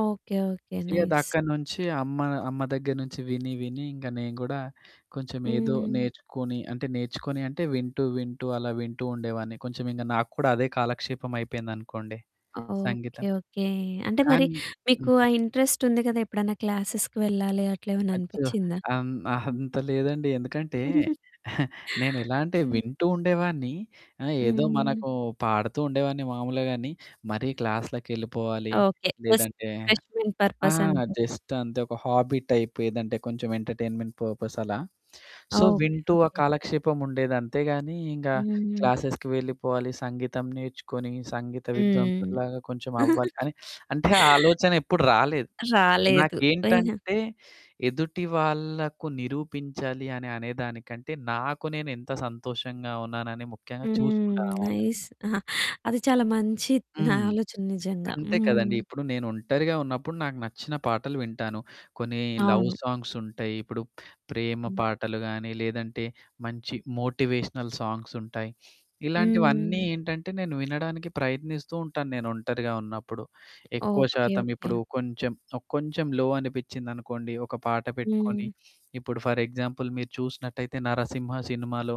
Okay okay. ఇక nice. దక్కడి నుంచి అమ్మ, అమ్మ దగ్గర నుంచి విని విని ఇంక నేను గూడా కొంచెం ఏదో హ్మ్. నేర్చుకొని, అంటే నేర్చుకొని అంటే, వింటూ వింటూ అలా వింటూ ఉండేవాడిని. కొంచెం ఇంగ నాకు కూడా అదే కాలక్షేపం అయిపోయిందనుకోండి. ఓకే. సంగీతం ఓకే. అంటే మరి కానీ మీకు ఆ హ్మ్. ఇంట్రెస్ట్ ఉంది కదా! ఎప్పుడైనా క్లాసెస్‌కి వెళ్ళాలి అట్లేమన్నా అచ్చో! అనిపిచ్చిందా? అన్ అంత లేదండి ఎందుకంటే నేనెలా అంటే హ్మ్. వింటూ ఉండేవాడిని, ఆహ్, ఏదో హ్మ్. మనకు పాడుతూ ఉండేవాడిని మామూలు గానీ, మరీ క్లాస్‌లకెళ్ళిపోవాలి ఓకే. జస్ట్ లేదంటే రిఫ్రెష్‌మెంట్ ఆ! పర్పస్ అంతే. జస్ట్ అంతే ఒక హాబీ టైప్ ఏదంటే కొంచెం ఎంటర్‌టైన్‌మెంట్ పర్పస్ అలా సో ఓకే, వింటూ ఆ ఓకే. కాలక్షేపముండేది. అంతే గానీ ఇంగ హ్మ్. క్లాసెస్‌కి వెళ్ళిపోవాలి, సంగీతం నేర్చుకొని సంగీత హ్మ్. విద్వాంసుడిలాగా కొంచెం అవ్వాలి అని, అంటే ఆ ఆలోచన ఎప్పుడు రాలేదు. రాలేదు. అయినా నాకేంటంటే ఎదుటి వాళ్ళకు నిరూపించాలి అని అనే దానికంటే నాకు నేను ఎంత సంతోషంగా ఉన్నానని ముఖ్యంగా హ్మ్. చూసుకుంటాననమాట. నైస్ అహా! అది చాలా మంచి త్ నా హ్మ్. ఆలోచన నిజంగా! అంతే కదండీ! హ్మ్. ఇప్పుడు నేను ఒంటరిగా ఉన్నప్పుడు నాకు నచ్చిన పాటలు వింటాను. కొన్ని లవ్ అవును. సాంగ్స్ ఉంటాయి, ఇప్పుడు ప్రేమ హ్మ్. పాటలు గానీ, లేదంటే మంచి మోటివేషనల్ సాంగ్స్ ఉంటాయి. ఇలాంటివన్నీ హ్మ్. ఏంటంటే నేను వినడానికి ప్రయత్నిస్తూ ఉంటాను, నేను ఒంటరిగా ఉన్నప్పుడు. ఎక్కువ ఓకే, శాతం ఓకే. ఇప్పుడు కొంచెం, కొంచెం లో అనిపిచ్చిందనుకోండి ఒక పాట పెట్టుకొని, హ్మ్. ఇప్పుడు ఫర్ ఎగ్జాంపుల్ మీరు చూసినట్టయితే 'నరసింహ' సినిమాలో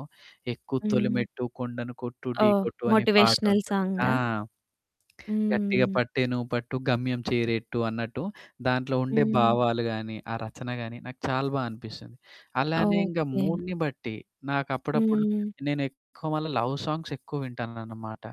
'ఎక్కు హ్మ్. తొలిమెట్టు కొండను కొట్టు ఢీ ఓహ్! కొట్టు' అనే మోటివేషనల్ పాటుంటుంది. ఆ! సాంగా? 'గట్టిగా హ్మ్. పట్టే నువ్వు పట్టు గమ్యం చేరట్టు' అన్నట్టు దాంట్లో ఉండే హ్మ్. భావాలు గాని, ఆ రచన గాని నాకు చాలా బా అనిపిస్తుంది. అలానే ఇంకా ఓకే. మూడ్‌ని బట్టి, నాకు అప్పుడప్పుడు హ్మ్. నేను ఎక్కువ మల్ల లవ్ సాంగ్స్ ఎక్కువ వింటాననమాట.